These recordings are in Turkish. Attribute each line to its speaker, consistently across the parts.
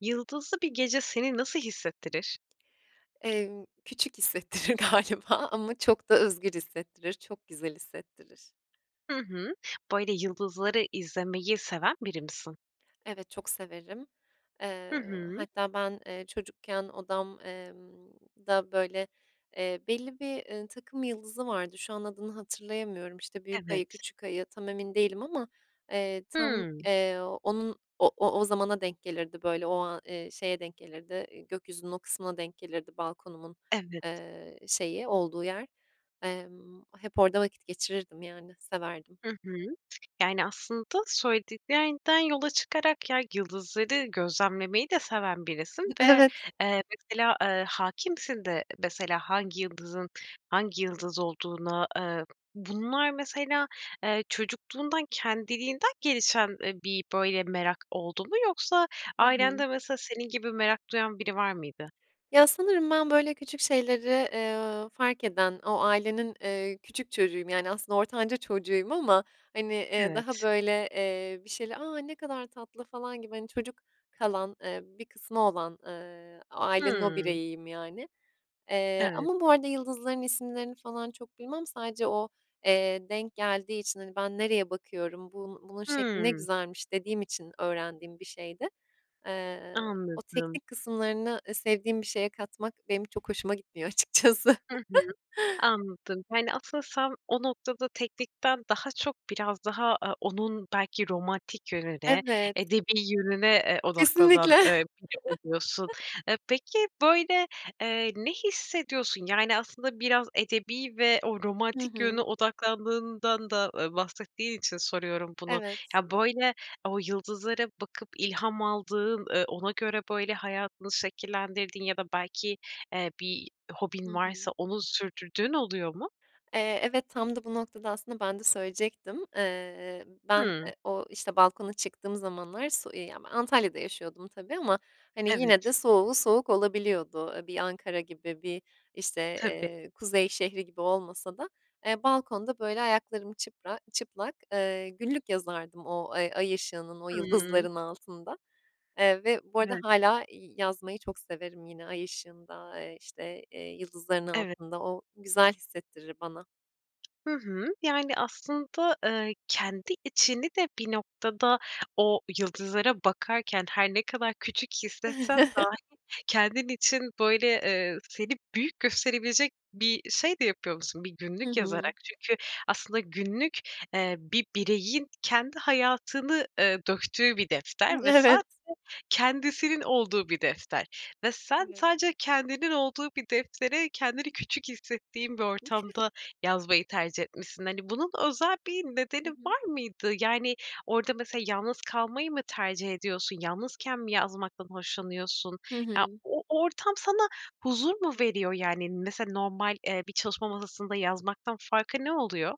Speaker 1: Yıldızlı bir gece seni nasıl hissettirir?
Speaker 2: Emm, küçük hissettirir galiba ama çok da özgür hissettirir, çok güzel hissettirir.
Speaker 1: Hı hı. Böyle, yıldızları izlemeyi seven biri misin?
Speaker 2: Evet, çok severim.
Speaker 1: Hı
Speaker 2: Eee,
Speaker 1: hı.
Speaker 2: hatta ben, eee, çocukken odam eee da, böyle, eee, belli bir, ııı, takım yıldızı vardı. Şu an adını hatırlayamıyorum, işte, büyük ayı,
Speaker 1: Evet.
Speaker 2: küçük ayı tam emin değilim ama, eee, tam,
Speaker 1: Hımm.
Speaker 2: eee, onun o o o zamana denk gelirdi, böyle, ooo, aaa, şeye denk gelirdi, iii, gökyüzünün o kısmına denk gelirdi balkonumun,
Speaker 1: Evet.
Speaker 2: eee, şeyi olduğu yer. Emm, hep orada vakit geçirirdim, yani, severdim.
Speaker 1: Hı hı. Yani, aslında söylediklerinden yola çıkarak, ya, yıldızları gözlemlemeyi de seven birisin ve,
Speaker 2: Evet.
Speaker 1: eee, mesela, eee, hâkimsin de, mesela, hangi yıldızın hangi yıldız olduğuna, eee, bunlar, mesela, eee, çocukluğundan kendiliğinden gelişen, ııı, bir böyle merak oldu mu? Yoksa
Speaker 2: Hı hı.
Speaker 1: ailende, mesela, senin gibi merak duyan biri var mıydı?
Speaker 2: Ya, sanırım ben, böyle, küçük şeyleri, eee, fark eden, o ailenin, eee, küçük çocuğuyum, yani, aslında ortanca çocuğuyum ama, hani, eee, daha,
Speaker 1: Evet.
Speaker 2: böyle, eee, bir şeyle, "A, ne kadar tatlı!" falan gibi, hani, çocuk kalan, eee, bir kısmı olan, ııı, ailenin o
Speaker 1: Hımm.
Speaker 2: bireyiyim, yani. Eee,
Speaker 1: Evet.
Speaker 2: ama bu arada yıldızların isimlerini falan çok bilmem. Sadece o, eee, denk geldiği için, hani, "Ben nereye bakıyorum, bun bunun şekli ne
Speaker 1: Hımm.
Speaker 2: güzelmiş." dediğim için öğrendiğim bir şeydi. Eee, o
Speaker 1: Anladım.
Speaker 2: teknik kısımlarını sevdiğim bir şeye katmak benim çok hoşuma gitmiyor açıkçası.
Speaker 1: Hı hı. Anladım. Yani, asıl sen o noktada teknikten daha çok biraz daha, aaa, onun belki romantik yönüne,
Speaker 2: Evet.
Speaker 1: edebî yönüne, eee, odaklanan,
Speaker 2: Kesinlikle.
Speaker 1: eee, biri oluyorsun. E, peki, böyle, eee, ne hissediyorsun? Yani, aslında biraz edebî ve o
Speaker 2: Hı
Speaker 1: romantik yöne
Speaker 2: hı.
Speaker 1: odaklandığından da bahsettiğin için soruyorum bunu.
Speaker 2: Evet.
Speaker 1: Ya, böyle, o yıldızlara bakıp ilham aldığın, ııı, ona göre, böyle, hayatını şekillendirdiğin ya da belki, eee, bir
Speaker 2: Hı
Speaker 1: hobin varsa
Speaker 2: hı.
Speaker 1: onu sürdürdüğün oluyor mu?
Speaker 2: Eee, evet. Tam da bu noktada aslında ben de söyleyecektim. Eee, ben,
Speaker 1: Hımm.
Speaker 2: e o, işte, balkona çıktığım zamanlar [unintelligible] Antalya'da yaşıyordum tabii ama, hani, yine
Speaker 1: Evet.
Speaker 2: de soğuğu soğuk olabiliyordu. Bir Ankara gibi, bir işte,
Speaker 1: Tabii.
Speaker 2: eee, kuzey şehri gibi olmasa da, eee, balkonda, böyle, ayaklarım çıpra çıplak, ııı, günlük yazardım o ay ay ışığının, o
Speaker 1: Hımm.
Speaker 2: yıldızların altında. Eee, ve bu arada
Speaker 1: [unintelligible]
Speaker 2: hâlâ, iii, yazmayı çok severim yine ay ışığında, eee, işte, eee, yıldızların
Speaker 1: Evet.
Speaker 2: altında. O güzel hissettirir bana.
Speaker 1: Hı hı. Yani, aslında, eee, kendi içini de bir noktada o yıldızlara bakarken her ne kadar küçük hissetsen dahi kendin için, böyle, eee, seni büyük gösterebilecek bir şey de yapıyormuşsun bir
Speaker 2: Hı
Speaker 1: günlük
Speaker 2: hı.
Speaker 1: yazarak. Çünkü aslında günlük, eee, bir bireyin kendi hayatını, eee, döktüğü bir defter ve
Speaker 2: Evet.
Speaker 1: sadece kendisinin olduğu bir defter ve sen
Speaker 2: Evet.
Speaker 1: sadece kendinin olduğu bir deftere kendini küçük hissettiğin bir ortamda yazmayı tercih etmişsin. Hani, bunun özel bir
Speaker 2: Hı
Speaker 1: nedeni
Speaker 2: hı.
Speaker 1: var mıydı? Yani, orada mesela yalnız kalmayı mı tercih ediyorsun? Yalnızken mi yazmaktan hoşlanıyorsun?
Speaker 2: Hı
Speaker 1: Ya,
Speaker 2: hı.
Speaker 1: o ortam sana huzur mu veriyor? Yani, mesela normal, eee, bir çalışma masasında yazmaktan farkı ne oluyor?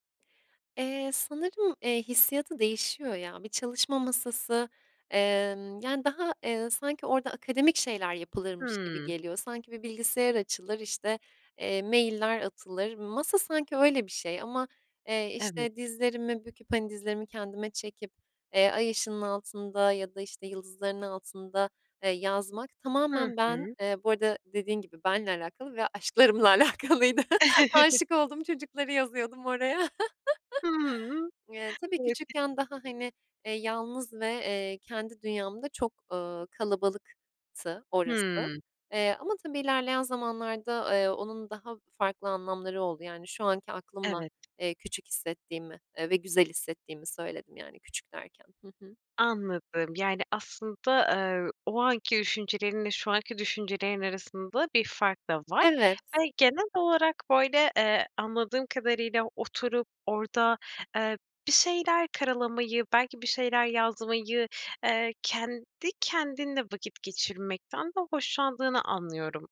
Speaker 2: Eee, sanırım, eee, hissiyatı değişiyor ya. Bir çalışma masası, emm, yani, daha, eee, sanki orada akademik şeyler yapılırmış gibi
Speaker 1: Hımm.
Speaker 2: geliyor. Sanki bir bilgisayar açılır, işte, eee, mailler atılır. Masa sanki öyle bir şey ama, eee,
Speaker 1: Evet.
Speaker 2: işte, dizlerimi büküp, hani, dizlerimi kendime çekip, eee, ay ışığının altında ya da, işte, yıldızların altında, ııı, yazmak
Speaker 1: Hı
Speaker 2: tamamen ben,
Speaker 1: hı.
Speaker 2: eee, bu arada dediğin gibi benle alakalı ve aşklarımla alakalıydı. Aşık olduğum çocukları yazıyordum oraya.
Speaker 1: Hımm.
Speaker 2: Eee, tabii,
Speaker 1: Evet. [unintelligible]
Speaker 2: küçükken daha, hani, eee, yalnız ve, eee, kendi dünyamda çok, ııı, kalabalıktı orası.
Speaker 1: Hımm.
Speaker 2: Eee, ama tabii ilerleyen zamanlarda, eee, onun daha farklı anlamları oldu. Yani, şu anki aklımla,
Speaker 1: Evet.
Speaker 2: eee, küçük hissettiğimi, eee, ve güzel hissettiğimi söyledim, yani küçük derken. Hı hı.
Speaker 1: Anladım. Yani, aslında, eee, o anki düşüncelerinle şu anki düşüncelerin arasında bir fark da var.
Speaker 2: Evet.
Speaker 1: Yani, genel olarak böyle, eee, anladığım kadarıyla oturup orada, eee, bir şeyler karalamayı, belki bir şeyler yazmayı, eee, kendi kendinle vakit geçirmekten de hoşlandığını anlıyorum.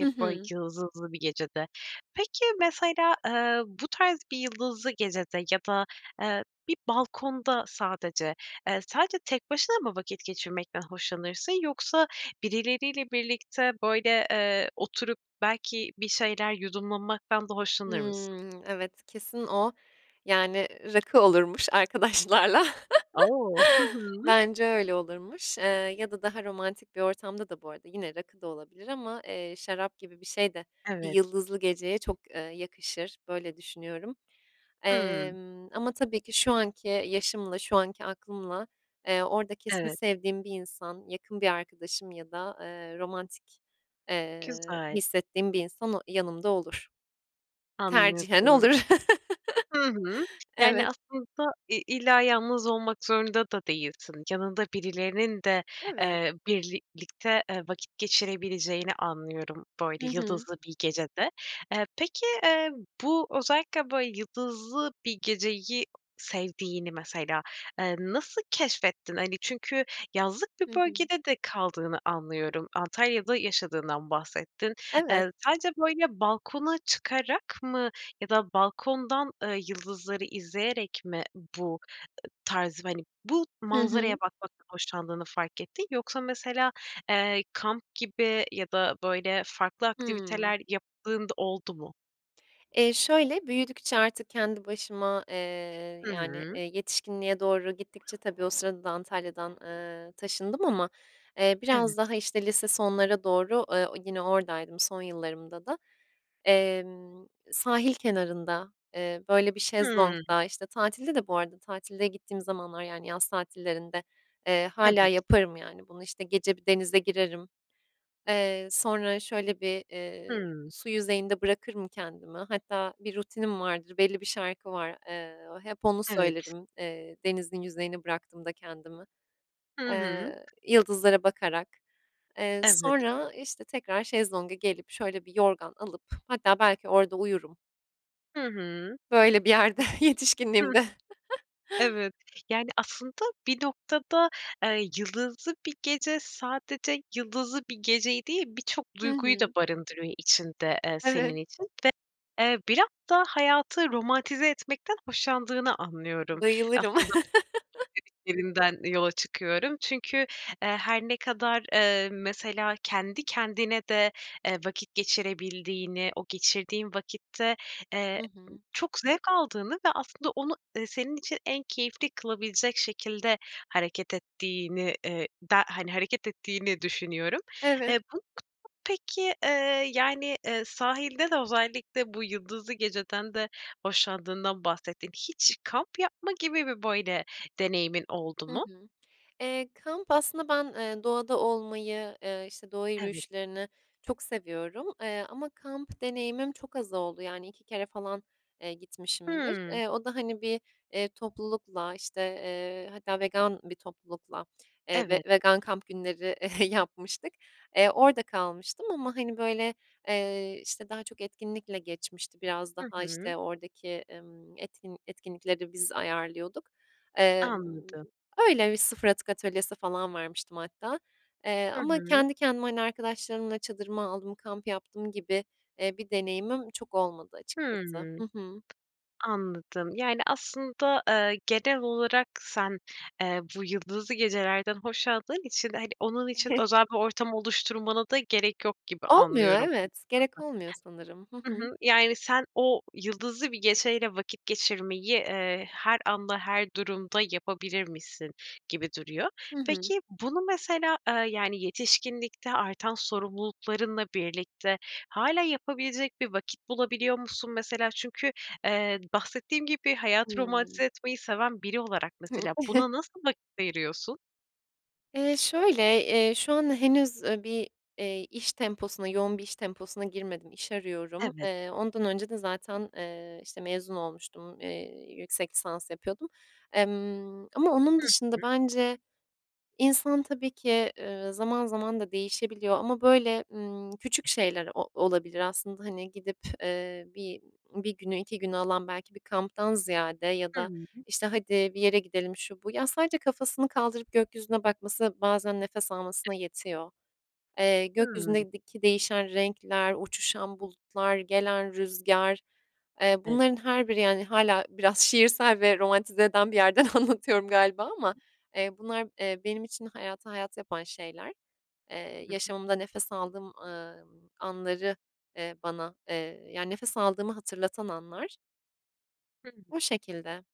Speaker 2: Hı
Speaker 1: böyle
Speaker 2: hı.
Speaker 1: yıldızlı bir gecede. Peki, mesela, eee, bu tarz bir yıldızlı gecede ya da, eee, bir balkonda sadece, eee, sadece tek başına mı vakit geçirmekten hoşlanırsın yoksa birileriyle birlikte, böyle, eee, oturup belki bir şeyler yudumlanmaktan da hoşlanır mısın?
Speaker 2: Hımm. Evet, kesin o, yani, rakı olurmuş arkadaşlarla.
Speaker 1: O! Hı hı.
Speaker 2: Bence, öyle, olurmuş, eee, ya da daha romantik bir ortamda da bu arada yine rakı da olabilir ama, eee, şarap gibi bir şey de bir
Speaker 1: Evet.
Speaker 2: yıldızlı geceye çok, ııı, yakışır. Böyle düşünüyorum.
Speaker 1: Hımm.
Speaker 2: Emm, ama tabii ki şu anki yaşımla şu anki aklımla, eee, orada kesin
Speaker 1: Evet.
Speaker 2: sevdiğim bir insan, yakın bir arkadaşım ya da, eee, romantik, eee,
Speaker 1: Güzel.
Speaker 2: hissettiğim bir insan o yanımda olur. Tercihen
Speaker 1: Anladım.
Speaker 2: olur.
Speaker 1: Hı hı. Yani,
Speaker 2: Evet.
Speaker 1: aslında i illa yalnız olmak zorunda da değilsin. Yanında birilerinin de,
Speaker 2: Evet.
Speaker 1: eee, birlikte eee, vakit geçirebileceğini anlıyorum
Speaker 2: Hı
Speaker 1: böyle
Speaker 2: hı.
Speaker 1: yıldızlı bir gecede. Eee, peki, eee, bu özellikle böyle yıldızlı bir geceyi sevdiğini mesela, eee, nasıl keşfettin? Hani, çünkü yazlık bir
Speaker 2: Hı hı.
Speaker 1: bölgede de kaldığını anlıyorum. Antalya'da yaşadığından bahsettin.
Speaker 2: Evet.
Speaker 1: Eee, sadece böyle balkona çıkarak mı ya da balkondan, ııı, yıldızları izleyerek mi bu tarzı, hani, bu
Speaker 2: Hı
Speaker 1: manzaraya
Speaker 2: hı.
Speaker 1: bakmaktan hoşlandığını fark ettin? Yoksa mesela, eee, kamp gibi ya da, böyle, farklı
Speaker 2: Hımm.
Speaker 1: aktiviteler yaptığın da oldu mu?
Speaker 2: Eee, şöyle, büyüdükçe artık kendi başıma, eee,
Speaker 1: Hı
Speaker 2: yani, eee,
Speaker 1: hı.
Speaker 2: yetişkinliğe doğru gittikçe tabii o sırada da Antalya'dan, ııı, taşındım ama, eee, biraz
Speaker 1: Evet.
Speaker 2: daha, işte, lise sonlara doğru, ııı, o yine oradaydım son yıllarımda da. Emm, sahil kenarında, eee, böyle, bir
Speaker 1: Hımm.
Speaker 2: şezlongda, işte, tatilde de bu arada tatilde gittiğim zamanlar, yani, yaz tatillerinde, eee, hâlâ
Speaker 1: Evet.
Speaker 2: yaparım, yani, bunu. İşte, gece bir denize girerim. Eee, sonra, şöyle, bir, eee,
Speaker 1: Hımm.
Speaker 2: su yüzeyinde bırakırım kendimi. Hatta bir rutinim vardır, belli bir şarkı var. Eee, hep onu
Speaker 1: Evet.
Speaker 2: söylerim, eee, denizin yüzeyine bıraktığımda kendimi.
Speaker 1: Hı hı.
Speaker 2: Eee, yıldızlara bakarak. Eee,
Speaker 1: Evet.
Speaker 2: sonra, işte, tekrar şezlonga gelip, şöyle, bir yorgan alıp hatta belki orada uyurum.
Speaker 1: Hı hı. [unintelligible]
Speaker 2: Böyle bir yerde.
Speaker 1: Hıh.
Speaker 2: Yetişkinliğimde.
Speaker 1: Evet. Yani, aslında bir noktada, eee, yıldızlı bir gece sadece yıldızlı bir geceyi değil, birçok
Speaker 2: Hı
Speaker 1: duyguyu da
Speaker 2: hı.
Speaker 1: barındırıyor içinde, eee, senin
Speaker 2: Evet.
Speaker 1: için ve, eee, biraz da hayatı romantize etmekten hoşlandığını anlıyorum.
Speaker 2: Bayılırım.
Speaker 1: Aslında bu söylediklerinden yola çıkıyorum. Çünkü, eee, her ne kadar, eee, mesela kendi kendine de, eee, vakit geçirebildiğini, o geçirdiğin vakitte, eee,
Speaker 2: Hı hı.
Speaker 1: çok zevk aldığını ve aslında onu, eee, senin için en keyifli kılabilecek şekilde hareket ettiğini, eee, de, hani, hareket ettiğini düşünüyorum.
Speaker 2: Evet.
Speaker 1: Eee, [unintelligible] peki, yani, eee, sahilde de özellikle bu yıldızlı geceden de hoşlandığından bahsettin. Hiç kamp yapma gibi bir böyle deneyimin oldu
Speaker 2: Hı
Speaker 1: mu?
Speaker 2: hı. Eee, kamp aslında ben, eee, doğada olmayı, eee, işte, doğa
Speaker 1: Evet.
Speaker 2: yürüyüşlerini çok seviyorum. Eee, ama kamp deneyimim çok az oldu, yani, 2 kere falan, eee, gitmişimdir.
Speaker 1: Hımm.
Speaker 2: Eee, o da, hani, bir, eee, toplulukla, işte, eee, hatta vegan bir toplulukla, eee, ve
Speaker 1: Evet.
Speaker 2: vegan kamp günleri yapmıştık. Eee, orada kalmıştım ama, hani, böyle, eee, işte, daha çok etkinlikle geçmişti. Biraz
Speaker 1: Hı
Speaker 2: daha,
Speaker 1: hı.
Speaker 2: işte, oradaki, ımm, etkin etkinlikleri biz ayarlıyorduk. Emm,
Speaker 1: Anladım.
Speaker 2: öyle. Bir 0 atık atölyesi falan vermiştim hatta, eee,
Speaker 1: Hı
Speaker 2: ama
Speaker 1: hı.
Speaker 2: kendi kendime, hani, arkadaşlarımla çadırımı aldım, kamp yaptım gibi, eee, bir deneyimim çok olmadı açıkçası.
Speaker 1: Hımm.
Speaker 2: Hı hı.
Speaker 1: Anladım. Yani, aslında, eee, genel olarak sen, eee, bu yıldızlı gecelerden hoşladığın için, hani, onun için özel bir ortam oluşturmana da gerek yok gibi
Speaker 2: Olmuyor,
Speaker 1: anlıyorum. [unintelligible]
Speaker 2: evet. Gerek olmuyor sanırım. Hı
Speaker 1: Hı
Speaker 2: hı.
Speaker 1: hı. Yani, sen o yıldızlı bir geceyle vakit geçirmeyi, eee, her anda her durumda yapabilirmişsin gibi duruyor.
Speaker 2: Hı hı.
Speaker 1: Peki, bunu mesela, ııı, yani, yetişkinlikte artan sorumluluklarınla birlikte hâlâ yapabilecek bir vakit bulabiliyor musun mesela? Çünkü, eee, bahsettiğin gibi hayatı romantize
Speaker 2: Hımm.
Speaker 1: etmeyi seven biri olarak mesela buna nasıl vakit ayırıyorsun?
Speaker 2: Eee, şöyle, eee, şu an henüz, ııı, bir, eee, iş temposuna, yoğun bir iş temposuna girmedim, iş arıyorum.
Speaker 1: Evet.
Speaker 2: Eee, ondan önce de zaten, eee, işte, mezun olmuştum, eee, yüksek lisans yapıyordum, emm, ama onun
Speaker 1: Hı
Speaker 2: dışında
Speaker 1: hı.
Speaker 2: bence insan tabii ki, ııı, zaman zaman da değişebiliyor ama, böyle, ımm, küçük şeyler o olabilir aslında. Hani, gidip, eee, bi bir günü, 2 günü alan belki bir kamptan ziyade ya da,
Speaker 1: Hıı.
Speaker 2: işte, hadi bir yere gidelim şu bu, ya sadece kafasını kaldırıp gökyüzüne bakması bazen nefes almasına yetiyor. Eee,
Speaker 1: Hımm.
Speaker 2: gökyüzündeki değişen renkler, uçuşan bulutlar, gelen rüzgar, eee,
Speaker 1: Evet.
Speaker 2: bunların her biri, yani, hâlâ biraz şiirsel ve romantize eden bir yerden anlatıyorum galiba ama,
Speaker 1: [unintelligible]
Speaker 2: eee, bunlar, eee, benim için hayatı hayat yapan şeyler. Eee,
Speaker 1: Hımm.
Speaker 2: yaşamımda nefes aldığım, ııı, anları, eee, bana, eee, yani, nefes aldığımı hatırlatan anlar.
Speaker 1: Hımm.
Speaker 2: O şekilde.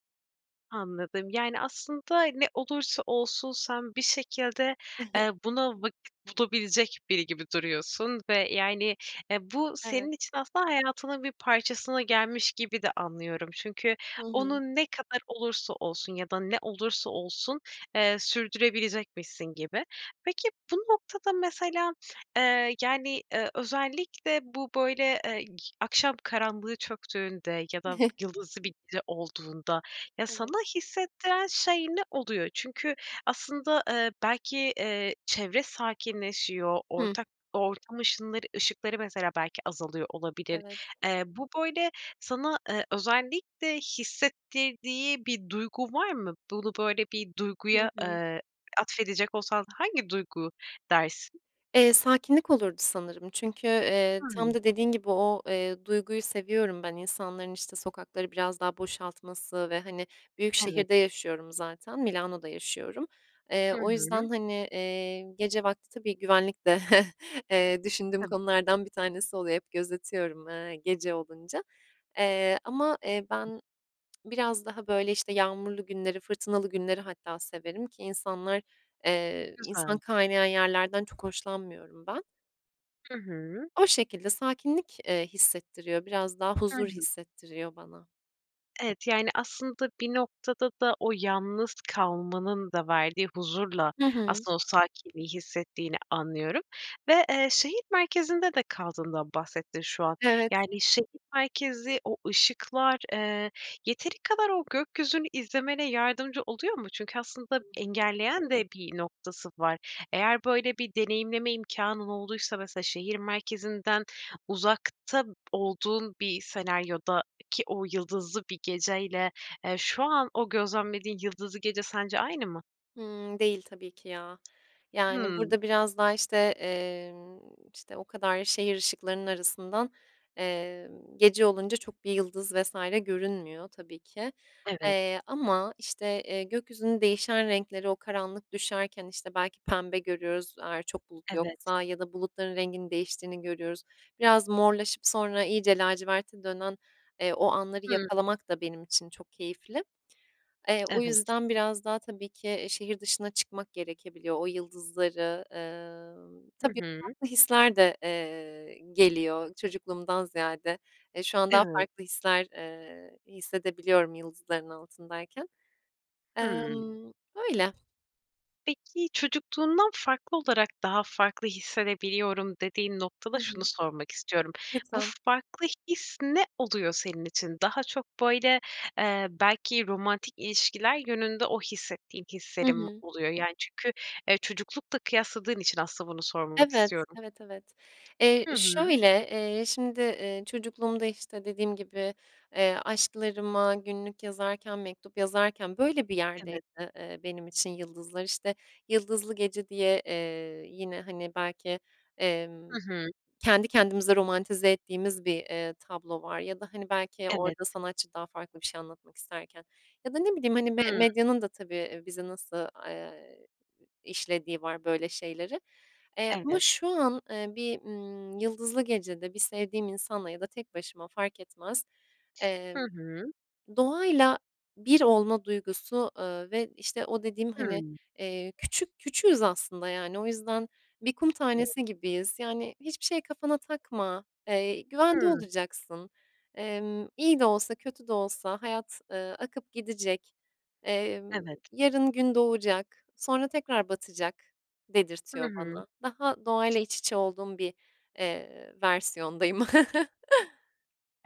Speaker 1: Anladım. Yani, aslında ne olursa olsun sen bir şekilde, eee, buna vakit bulabilecek biri gibi duruyorsun ve, yani, eee, bu
Speaker 2: Evet.
Speaker 1: senin için aslında hayatının bir parçasına gelmiş gibi de anlıyorum. Çünkü
Speaker 2: Hı hı.
Speaker 1: onu ne kadar olursa olsun ya da ne olursa olsun, eee, sürdürebilecekmişsin gibi. Peki, bu noktada mesela, eee, yani, ııı, özellikle bu, böyle, ııı, g akşam karanlığı çöktüğünde ya da yıldızlı bir gece olduğunda ya
Speaker 2: Evet.
Speaker 1: sana hissettiren şey ne oluyor? Çünkü aslında, eee, belki, eee, çevre sakinleşiyor,
Speaker 2: Hıı.
Speaker 1: ortak ortam ışınları ışıkları mesela belki azalıyor olabilir.
Speaker 2: Evet.
Speaker 1: Eee, bu, böyle, sana, eee, özellikle hissettirdiği bir duygu var mı? Bunu, böyle, bir
Speaker 2: Hı
Speaker 1: duyguya,
Speaker 2: hı.
Speaker 1: eee, atfedecek olsan hangi duygu dersin?
Speaker 2: Eee, sakinlik olurdu sanırım çünkü, eee, tam
Speaker 1: Hımm.
Speaker 2: da dediğin gibi o, eee, duyguyu seviyorum ben, insanların, işte, sokakları biraz daha boşaltması ve, hani, büyük
Speaker 1: Evet.
Speaker 2: şehirde yaşıyorum zaten. Milano'da yaşıyorum. Eee,
Speaker 1: Hı
Speaker 2: o
Speaker 1: hı.
Speaker 2: yüzden, hani, eee, gece vakti tabii güvenlik de, eee, düşündüğüm
Speaker 1: Tabii.
Speaker 2: konulardan bir tanesi oluyor hep gözetiyorum, ııı, gece olunca. Eee, ama, eee, ben biraz daha, böyle, işte, yağmurlu günleri, fırtınalı günleri hatta severim ki insanlar, eee, insan
Speaker 1: Güzel.
Speaker 2: kaynayan yerlerden çok hoşlanmıyorum ben.
Speaker 1: Hı hı.
Speaker 2: O şekilde sakinlik, eee, hissettiriyor, biraz daha
Speaker 1: Hı
Speaker 2: huzur
Speaker 1: hı.
Speaker 2: hissettiriyor bana.
Speaker 1: Evet. Yani, aslında bir noktada da o yalnız kalmanın da verdiği huzurla
Speaker 2: Hı hı.
Speaker 1: aslında o sakinliği hissettiğini anlıyorum ve, eee, şehir merkezinde de kaldığından bahsettin şu an.
Speaker 2: Evet.
Speaker 1: Yani, şehir merkezi o ışıklar, eee, yeteri kadar o gökyüzünü izlemene yardımcı oluyor mu? Çünkü aslında
Speaker 2: Hı hı.
Speaker 1: engelleyen de bir noktası var. Eğer böyle bir deneyimleme imkânın olduysa mesela şehir merkezinden uzakta olduğun bir senaryodaki o yıldızlı bir geceyle, eee, şu an o gözlemlediğin yıldızlı gece sence aynı mı?
Speaker 2: Hımm, değil tabii ki ya. Yani,
Speaker 1: Hımm.
Speaker 2: burada biraz daha, işte, emm, işte, o kadar şehir ışıklarının arasından, emm, gece olunca çok bir yıldız vs. görünmüyor, tabii ki,
Speaker 1: Evet.
Speaker 2: eee, ama, işte, eee, gökyüzünün değişen renkleri o karanlık düşerken, işte, belki pembe görüyoruz eğer çok bulut
Speaker 1: Evet.
Speaker 2: yoksa ya da bulutların renginin değiştiğini görüyoruz. Biraz morlaşıp sonra iyice laciverte dönen, eee, o anları
Speaker 1: Hımm.
Speaker 2: yakalamak da benim için çok keyifli. Eee, o
Speaker 1: Evet.
Speaker 2: yüzden biraz daha, tabii ki, şehir dışına çıkmak gerekebiliyor. O yıldızları, ııı
Speaker 1: Hı
Speaker 2: Tabii,
Speaker 1: hı.
Speaker 2: farklı hisler de, eee, geliyor çocukluğumdan ziyade. Eee, şu an daha
Speaker 1: Evet.
Speaker 2: farklı hisler, eee, hissedebiliyorum yıldızların altındayken.
Speaker 1: Hımm.
Speaker 2: Emm, öyle.
Speaker 1: Peki, çocukluğundan farklı olarak daha farklı hissedebiliyorum dediğin noktada
Speaker 2: Hı
Speaker 1: şunu
Speaker 2: hı.
Speaker 1: sormak istiyorum, bu
Speaker 2: Lütfen.
Speaker 1: farklı his ne oluyor senin için? Daha çok, böyle, eee, belki romantik ilişkiler yönünde o hissettiğin
Speaker 2: Hı
Speaker 1: hislerin mi
Speaker 2: hı.
Speaker 1: oluyor? Yani, çünkü, eee, çocuklukla kıyasladığın için aslında bunu sormamak
Speaker 2: Evet.
Speaker 1: istiyorum.
Speaker 2: Evet, evet. Eee,
Speaker 1: Hı hı.
Speaker 2: şöyle, eee, şimdi, eee, çocukluğumda, işte, dediğim gibi, eee, aşklarıma günlük yazarken, mektup yazarken böyle bir yerdeydi,
Speaker 1: Evet.
Speaker 2: eee, benim için yıldızlar. İşte, Yıldızlı Gece diye, eee, yine, hani, belki, emm,
Speaker 1: Hı hı.
Speaker 2: kendi kendimize romantize ettiğimiz bir, eee, tablo var ya da, hani, belki
Speaker 1: Evet.
Speaker 2: orada sanatçı daha farklı bir şey anlatmak isterken ya da ne bileyim, hani, me
Speaker 1: Hıı.
Speaker 2: medyanın da tabii bizi nasıl, eee, işlediği var böyle şeyleri. Eee, ama
Speaker 1: Evet.
Speaker 2: şu an, eee, bir, ııı, yıldızlı gecede bir sevdiğim insanla ya da tek başıma fark etmez,
Speaker 1: Hı
Speaker 2: emm,
Speaker 1: hı.
Speaker 2: doğayla bir olma duygusu, eee, ve işte o dediğim, hani,
Speaker 1: Hıı.
Speaker 2: eee, küçük küçüğüz aslında yani. O yüzden bir kum
Speaker 1: Evet.
Speaker 2: tanesi gibiyiz, yani, hiçbir şey kafana takma, eee, güvende
Speaker 1: Hıı.
Speaker 2: olacaksın, emm, iyi de olsa kötü de olsa hayat, eee, akıp gidecek, emm,
Speaker 1: Evet.
Speaker 2: yarın gün doğacak, sonra tekrar batacak
Speaker 1: Hı
Speaker 2: dedirtiyor
Speaker 1: hı.
Speaker 2: bana. Daha doğayla iç içe olduğum bir, eee, versiyondayım.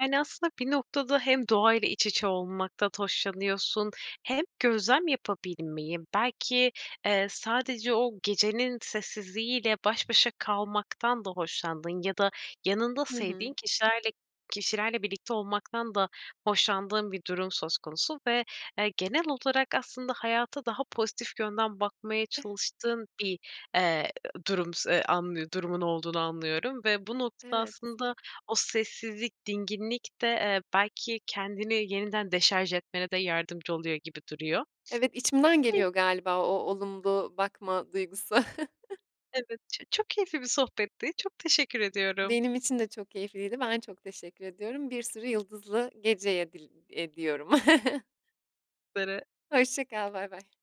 Speaker 1: Yani, aslında bir noktada hem doğayla iç içe olmaktan hoşlanıyorsun hem gözlem yapabilmeyi. Belki, eee, sadece o gecenin sessizliği ile baş başa kalmaktan da hoşlandığın ya da yanında
Speaker 2: Hı hı.
Speaker 1: sevdiğin kişilerle kişilerle birlikte olmaktan da hoşlandığın bir durum söz konusu ve, eee, genel olarak aslında hayata daha pozitif yönden bakmaya
Speaker 2: [unintelligible]
Speaker 1: çalıştığın bir, eee, durum s anlı durumun olduğunu anlıyorum ve bu notada
Speaker 2: Evet.
Speaker 1: aslında o sessizlik, dinginlikte, eee, belki kendini yeniden deşarj etmene de yardımcı oluyor gibi duruyor.
Speaker 2: Evet, içimden
Speaker 1: [unintelligible]
Speaker 2: geliyor galiba o olumlu bakma duygusu.
Speaker 1: Evet, ço çok keyifli bir sohbetti. Çok teşekkür ediyorum.
Speaker 2: Benim için de çok keyifliydi, ben çok teşekkür ediyorum. Bir sürü yıldızlı gece edil ediyorum.
Speaker 1: [unintelligible]
Speaker 2: Hoşça kal, baybay.